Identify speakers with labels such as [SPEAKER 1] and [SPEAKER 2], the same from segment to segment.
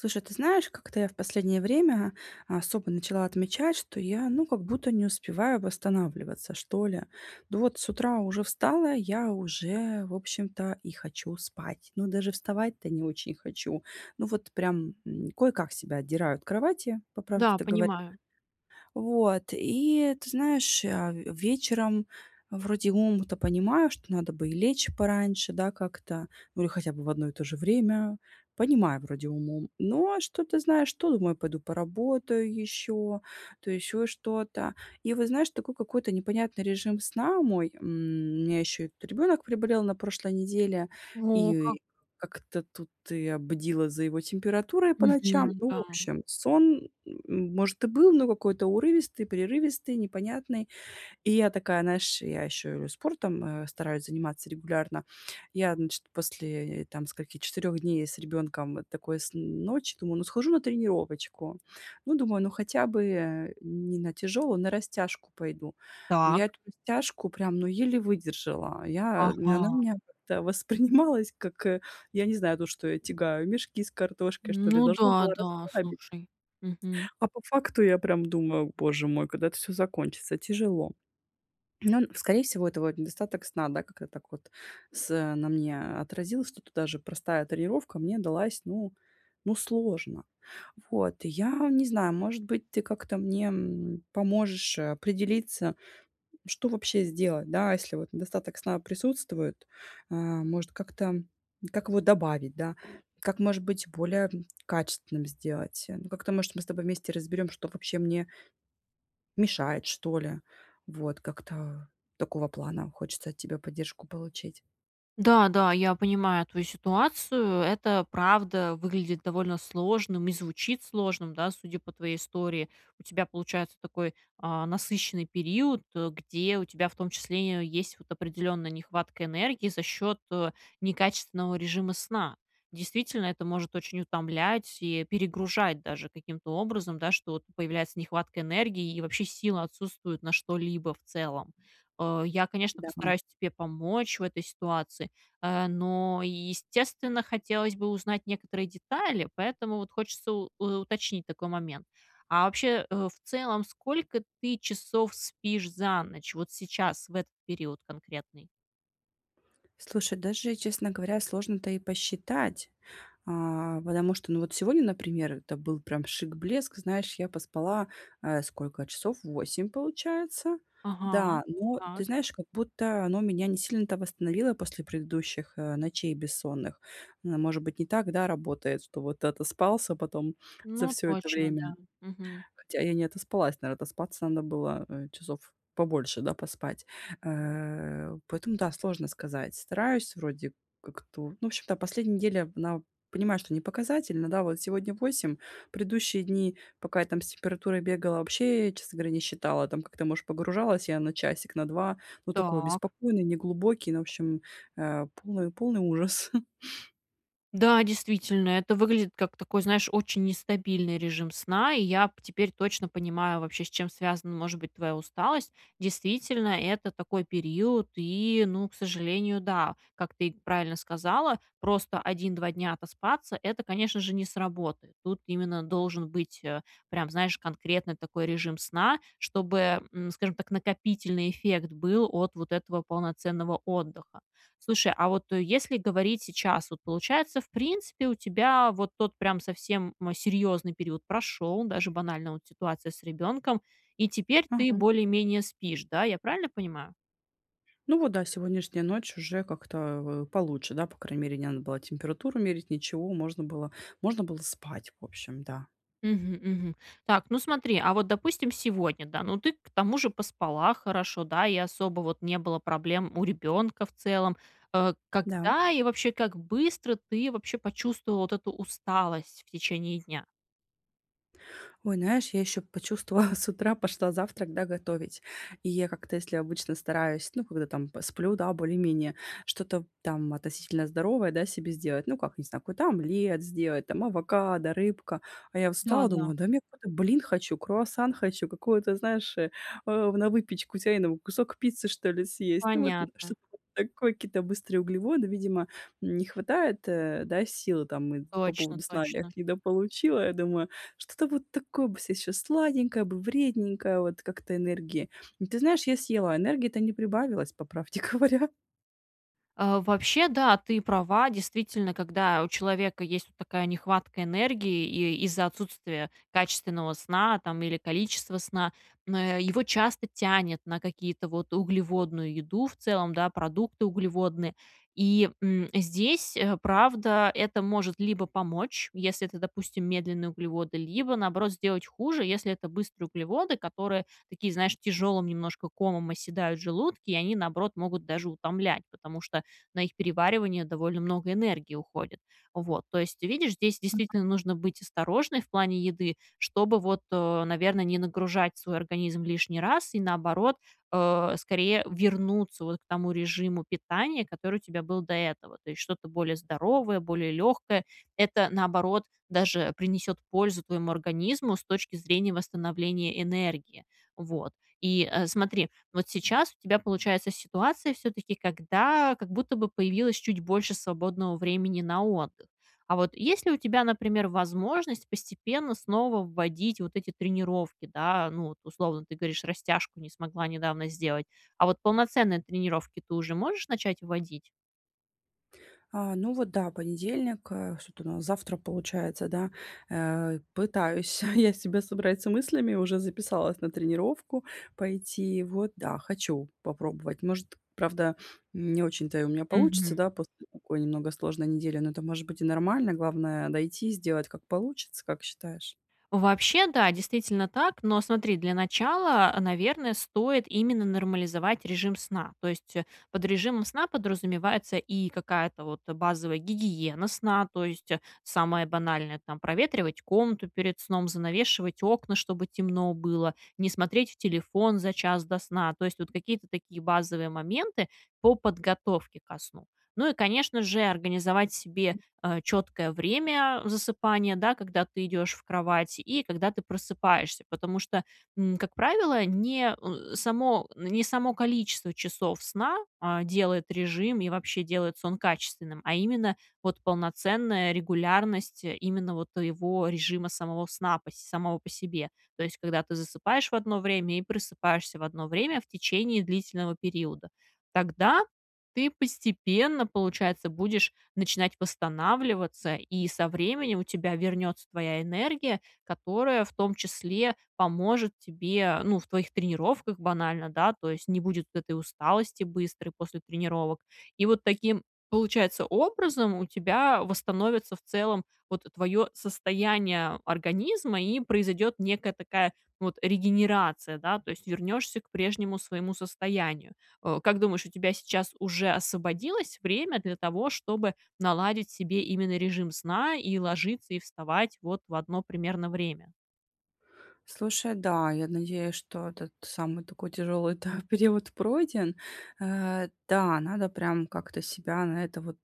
[SPEAKER 1] Слушай, ты знаешь, как-то я в последнее время, а, особо начала отмечать, что я, ну, как будто не успеваю восстанавливаться, что ли. Ну вот с утра уже встала, я уже в общем-то и хочу спать. Ну, даже вставать-то не очень хочу. Ну вот прям, м, кое-как себя отдираю от кровати, по
[SPEAKER 2] Да,
[SPEAKER 1] правде-то говоря.
[SPEAKER 2] понимаю.
[SPEAKER 1] Вот, и ты знаешь, я вечером вроде умом-то понимаю, что надо бы и лечь пораньше, да, как-то, ну или хотя бы в одно и то же время. Понимаю вроде умом. Но что-то, знаешь, то думаю пойду поработаю ещё, то ещё что-то. И вот, знаешь, такой какой-то непонятный режим сна мой, м, у меня ещё тут ребёнок приболел на прошлой неделе,
[SPEAKER 2] О как!
[SPEAKER 1] и как-то тут я бдила за его температурой по ночам.
[SPEAKER 2] Мгм,
[SPEAKER 1] Ну, в
[SPEAKER 2] да.
[SPEAKER 1] общем, сон, м может, и был, но какой-то урывистый, прерывистый, непонятный. И я такая, наешь, я ещё и спортом, э, стараюсь заниматься регулярно. Я, значит, после, э, там скольки, 4 дней с ребёнком такой сн ночи, думаю, ну, схожу на тренировочку. Ну, думаю, ну хотя бы не на тяжёлую, на растяжку пойду. Но я
[SPEAKER 2] Так.
[SPEAKER 1] эту растяжку прям, ну, еле выдержала. Я она у
[SPEAKER 2] Ага.
[SPEAKER 1] меня как-то воспринималась, как я не знаю, ну что я тягаю, мешки с картошкой, что ли.
[SPEAKER 2] Ну
[SPEAKER 1] Должно
[SPEAKER 2] да,
[SPEAKER 1] было
[SPEAKER 2] да
[SPEAKER 1] расслабить,
[SPEAKER 2] слушай, мгм.
[SPEAKER 1] а по факту я прям думаю: "Боже мой, когда это всё закончится, тяжело". Ну, скорее всего, это вот недостаток сна, да, как-то так вот с на мне отразился, что даже простая тренировка мне далась, ну ну, сложно. Вот, я не знаю, может быть, ты как-то мне, м, поможешь, э, определиться, что вообще сделать, да, если вот недостаток сна присутствует, э, может как-то, как его добавить, да, как может быть более качественным сделать, ну, как-то может мы с тобой вместе разберём, что вообще мне мешает, что ли. Вот, как-то такого плана хочется от тебя поддержку получить.
[SPEAKER 2] Да, да, я понимаю твою ситуацию, это правда выглядит довольно сложным, и звучит сложным, да, судя по твоей истории. У тебя получается такой, а, насыщенный период, где у тебя в том числе есть, вот, определенная нехватка энергии за счет, э, некачественного режима сна. Действительно, это может очень утомлять и перегружать даже каким-то образом, да, что вот появляется нехватка энергии, и вообще силы отсутствуют на что-либо в целом. Э, я, конечно,
[SPEAKER 1] Да.
[SPEAKER 2] постараюсь тебе помочь в этой ситуации, э, но, естественно, хотелось бы узнать некоторые детали, поэтому вот хочется у уточнить такой момент: а вообще, э, в целом сколько ты часов спишь за ночь, вот сейчас, в этот период конкретный?
[SPEAKER 1] Слушай, даже, честно говоря, сложно-то и посчитать, а. Потому что, ну, вот сегодня, например, это был прям шик, блеск. Знаешь, я поспала, э, сколько часов 8 получается.
[SPEAKER 2] Ага,
[SPEAKER 1] Да, но ты
[SPEAKER 2] так.
[SPEAKER 1] знаешь, как будто оно меня не сильно-то восстановило после предыдущих, э, ночей бессонных. Н может быть, не так, да, работает, что вот отоспался потом за
[SPEAKER 2] Ну
[SPEAKER 1] всё это
[SPEAKER 2] точно, да,
[SPEAKER 1] время.
[SPEAKER 2] мгм.
[SPEAKER 1] Хотя я не отоспалась, наверно отоспаться надо было, э, часов побольше, да, поспать. Э, поэтому да, сложно сказать. Стараюсь вроде как-то. Ну, в общем-то, последняя неделя, она понимаю, что не показательная, да, вот сегодня 8, предыдущие дни, пока я там с температурой бегала, вообще, честно говоря, не считала. Там как-то, может, погружалась я на часик, на 2. Ну, такой,
[SPEAKER 2] Так.
[SPEAKER 1] беспокойный, неглубокий, ну, в общем, а полный полный ужас.
[SPEAKER 2] Да, действительно, это выглядит как такой, знаешь, очень нестабильный режим сна, и я п теперь точно понимаю, вообще, с чем связана, может быть, твоя усталость. Действительно, это такой период и, ну к сожалению, да. Как ты правильно сказала, просто 1-2 дня отоспаться- это, конечно же, не сработает. Тут именно должен быть, э, прям, знаешь, конкретный такой режим сна, чтобы, м, скажем так, накопительный эффект был от вот этого полноценного отдыха. Слушай, а вот если говорить сейчас, вот получается, в принципе, у тебя вот тот прям совсем, м, серьезный период прошел, даже банально вот ситуация с ребенком, и теперь ты
[SPEAKER 1] Мгм.
[SPEAKER 2] более-менее спишь, да? Я правильно понимаю?
[SPEAKER 1] Ну вот да, сегодняшняя ночь уже как-то, а, в получше, да, по крайней мере не надо было температуру мерить, ничего. Можно было можно было спать, в общем, да.
[SPEAKER 2] Мгм, мгм. Так, ну смотри, а вот, допустим, сегодня, да, ну, ты к тому же поспала хорошо, да, и особо, вот, не было проблем у ребенка в целом. Э,
[SPEAKER 1] Да.
[SPEAKER 2] когда и вообще, как быстро ты вообще почувствовала вот эту усталость в течение дня?
[SPEAKER 1] Ой, знаешь, я ещё почувствовала, с утра пошла завтрак, да, готовить. И я как-то, если обычно стараюсь, ну, когда там посплю, да, более-менее, что-то, там, относительно здоровое, да, себе сделать. Ну как, не знаю, какой-то омлет сделать, там авокадо, рыбка. А я
[SPEAKER 2] Да,
[SPEAKER 1] встала,
[SPEAKER 2] да.
[SPEAKER 1] думаю: "Да нет, [unintelligible] блин хочу, круассан хочу, какую-то, знаешь, э, на выпечку тяйную. Кусок пиццы, что ли, съесть". Ну, вот, м,
[SPEAKER 2] Понятно.
[SPEAKER 1] что-то такое, какие-то быстрые углеводы, видимо, м, не хватает, э, да, сил, там, и по
[SPEAKER 2] Точно,
[SPEAKER 1] поводу сна я
[SPEAKER 2] точно.
[SPEAKER 1] их недополучила, я думаю: "Что-то вот такое бы сейчас, сладенькое бы, вредненькое, вот, как-то энергии". Ты знаешь, я съела, энергии-то не прибавилось, по правде говоря.
[SPEAKER 2] Э, вообще, да, ты права. Действительно, когда у человека есть от такая нехватка энергии, и из-за отсутствия качественного сна, там, или количества сна, н э, его часто тянет на какие-то, вот, углеводную еду в целом, да, продукты углеводные. И, м, здесь, э, правда, это может либо помочь, если это, допустим, медленные углеводы, либо, наоборот, сделать хуже, если это быстрые углеводы, которые, такие, знаешь, тяжелым немножко комом оседают в желудке. И они, наоборот, могут даже утомлять, потому что на их переваривание довольно много энергии уходит. Вот. То есть ты видишь, здесь,
[SPEAKER 1] Ну,
[SPEAKER 2] действительно,
[SPEAKER 1] да.
[SPEAKER 2] нужно быть осторожной в плане еды, чтобы, вот, э, наверно, не нагружать свой организм лишний раз, и наоборот, э, скорее вернуться вот к тому режиму питания, который у тебя был до этого. То есть, что-то более здоровое, более легкое. Это, наоборот, даже принесет пользу твоему организму с точки зрения восстановления энергии. Вот. И, э, смотри, вот сейчас у тебя получается ситуация, всё-таки, когда, как будто бы, появилось чуть больше свободного времени на отдых. А вот, есть ли у тебя, например, возможность постепенно снова вводить вот эти тренировки, да? Ну, вот условно, ты говоришь, растяжку не смогла недавно сделать. А вот полноценные тренировки ты уже можешь начать вводить?
[SPEAKER 1] А, ну, вот да, понедельник, э, что тут у нас? Завтра получается, да. Э, пытаюсь я себя собрать с мыслями, уже записалась на тренировку пойти. Вот, да, хочу попробовать. Может, правда, не очень-то и у меня получится,
[SPEAKER 2] Мгм.
[SPEAKER 1] да, после такой немного сложной недели, но это, может быть, и нормально. Главное- дойти, сделать, как получится. Как считаешь?
[SPEAKER 2] Вообще, да, действительно так. Но смотри, для начала, наверное, стоит именно нормализовать режим сна. То есть под режимом сна подразумевается и какая-то, вот, базовая гигиена сна. То есть самое банальное, там: проветривать комнату перед сном, занавешивать окна, чтобы темно было, не смотреть в телефон за час до сна. То есть вот какие-то такие базовые моменты по подготовке ко сну. Ну, и, конечно же, организовать себе,
[SPEAKER 1] М.
[SPEAKER 2] э, четкое время засыпания, да, когда ты идешь в кровать, и когда ты просыпаешься. Потому что, м, как правило, не, э, само не само количество часов сна, а, делает режим и вообще делает сон качественным, а именно вот полноценная регулярность именно вот твоего режима самого сна пос самого по себе. То есть когда ты засыпаешь в одно время и просыпаешься в одно время в течение длительного периода. Тогда ты постепенно, получается, будешь начинать восстанавливаться. И со временем у тебя вернется твоя энергия, которая, в том числе, поможет тебе, ну, в твоих тренировках банально, да. То есть не будет этой усталости быстрой после тренировок. И вот таким, получается, образом у тебя восстановится, в целом, вот твоё состояние организма. И произойдет некая такая вот регенерация, да. То есть вернешься к прежнему своему состоянию. Э, как думаешь, у тебя сейчас уже освободилось время для того, чтобы наладить себе именно режим сна и ложиться, и вставать в одно примерно время?
[SPEAKER 1] Слушай, да, я надеюсь, что этот самый такой тяжёлый-то период пройден. Э, да, надо прям как-то себя на это вот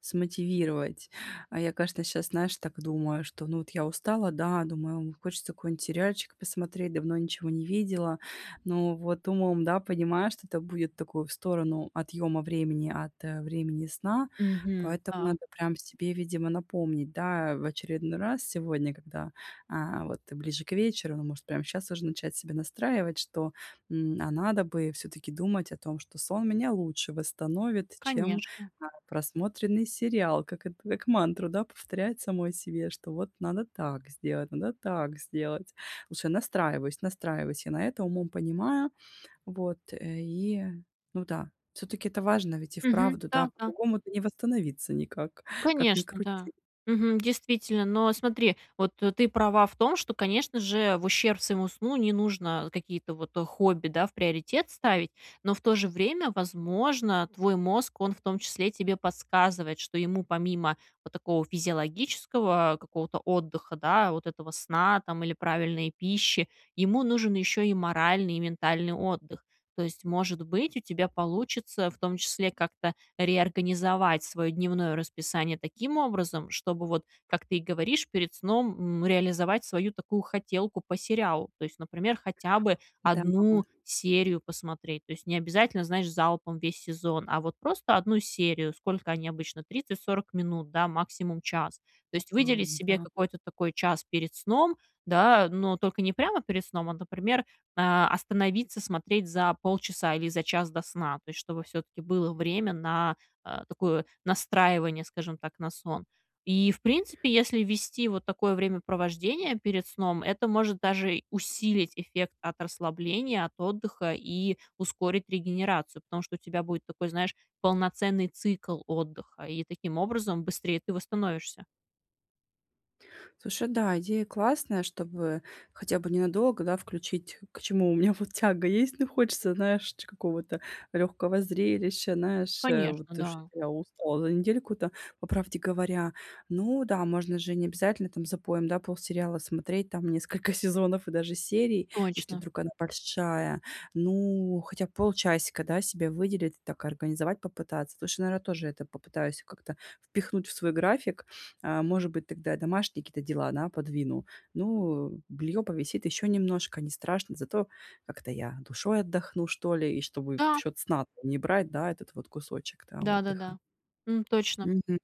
[SPEAKER 1] смотивировать. А я, конечно, щас, знаешь, так думаю, что, ну, вот я устала, да, думаю- ом, хочется какой-нибудь сериальчик посмотреть, давно ничего не видела. Ну, вот умом, да, понимаю, что это будет такую в сторону отъёма времени от времени сна.
[SPEAKER 2] Мгм,
[SPEAKER 1] Поэтому
[SPEAKER 2] та.
[SPEAKER 1] надо прям себе, видимо, напомнить, да, в очередной раз сегодня, когда, а, вот ближе к вечеру. Ну, может, прям щас уже начать себе настраивать, что, м, а надо бы всё-таки думать о том, что сон меня лучше восстановит, чем,
[SPEAKER 2] Конечно.
[SPEAKER 1] э, просмотренный сериал. Как это, как мантру, да, повторять самой себе, что вот надо так сделать, надо так сделать. Лучше настраиваюсь, настраиваюсь я на это, умом понимаю, вот. Э, и, ну да, всё-таки это важно ведь и
[SPEAKER 2] Мгм,
[SPEAKER 1] вправду, да,
[SPEAKER 2] да, да.
[SPEAKER 1] по-другому-то не восстановиться никак, как ни
[SPEAKER 2] Конечно, да,
[SPEAKER 1] крути.
[SPEAKER 2] мгм, действительно. Но смотри, вот ты права в том, что, конечно же, в ущерб своему сну не нужно какие-то, вот, хобби, да, в приоритет ставить. Но в то же время, возможно, твой мозг, он в том числе, тебе подсказывает, что ему помимо вот такого физиологического какого-то отдыха, да- вот этого сна, там, или правильной пищи- ему нужен еще и моральный, и ментальный отдых. То есть может быть, у тебя получится в том числе как-то реорганизовать свое дневное расписание таким образом, чтобы вот, как ты говоришь, перед сном, м, реализовать свою такую хотелку по сериалу. То есть, например, хотя бы
[SPEAKER 1] Да.
[SPEAKER 2] 1 серию посмотреть. То есть необязательно, знаешь, залпом весь сезон, а вот просто 1 серию- сколько они обычно- 30-40 минут, да, максимум час. То
[SPEAKER 1] Да,
[SPEAKER 2] есть выделить себе
[SPEAKER 1] да.
[SPEAKER 2] какой-то такой час перед сном, да, но только не прямо перед сном, а, например, э, остановиться смотреть за полчаса или за час до сна. То есть чтобы всё-таки было время на, э, такое настраивание, скажем так, на сон. И, в принципе, если ввести вот такое времяпровождение перед сном, это может даже усилить эффект от расслабления, от отдыха и ускорить регенерацию, потому что у тебя будет такой, знаешь, полноценный цикл отдыха, и таким образом быстрее ты восстановишься.
[SPEAKER 1] Слушай, да, идея классная, чтобы хотя бы ненадолго, да, включить, к чему у меня, вот, тяга есть. Ну, хочется, знаешь, ч какого-то лёгкого зрелища, наешь,
[SPEAKER 2] Конечно,
[SPEAKER 1] вот, что
[SPEAKER 2] да.
[SPEAKER 1] я устала за недельку-то, по правде говоря. Ну да, можно же необязательно, там, запоем, да, полсериала смотреть, там несколько сезонов и даже серий, если
[SPEAKER 2] Точно.
[SPEAKER 1] вдруг она большая. Ну, хотя б полчасика, да, себе выделить, так организовать попытаться. Лучше, наверное, тоже это попытаюсь как-то впихнуть в свой график. Э, может быть, тогда я домашние какие-то дела, да, подвину. Ну, бельё повисит ещё немножко, не страшно, зато как-то я душой отдохну, что ли, и чтобы в
[SPEAKER 2] Да.
[SPEAKER 1] счёт сна там не брать, да, этот вот кусочек-то, да, отдыха.
[SPEAKER 2] Да-да-да. М, точно.
[SPEAKER 1] Мгм.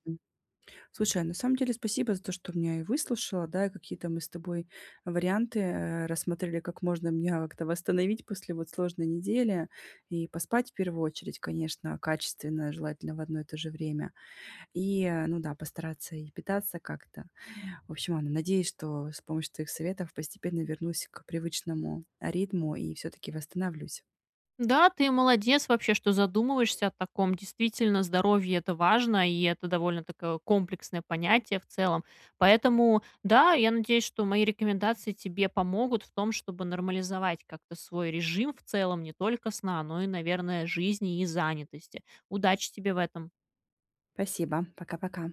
[SPEAKER 1] Слушай, а, на самом деле, спасибо за то, что меня и выслушала, да, и какие-то мы с тобой варианты, э, рассмотрели, как можно меня как-то восстановить после, вот, сложной недели. И поспать в первую очередь, конечно, качественно, желательно в одно и то же время. И, э, ну да, постараться и питаться как-то. В общем, ладно, надеюсь, что с помощью твоих советов постепенно вернусь к привычному ритму и всё-таки восстановлюсь.
[SPEAKER 2] Да, ты молодец вообще, что задумываешься о таком. Действительно, здоровье- это важно, и это довольно такое комплексное понятие в целом. Поэтому, да, я надеюсь, что мои рекомендации тебе помогут в том, чтобы нормализовать как-то свой режим в целом не только сна, но и, наверное, жизни и занятости. Удачи тебе в этом!
[SPEAKER 1] Спасибо, пока-пока.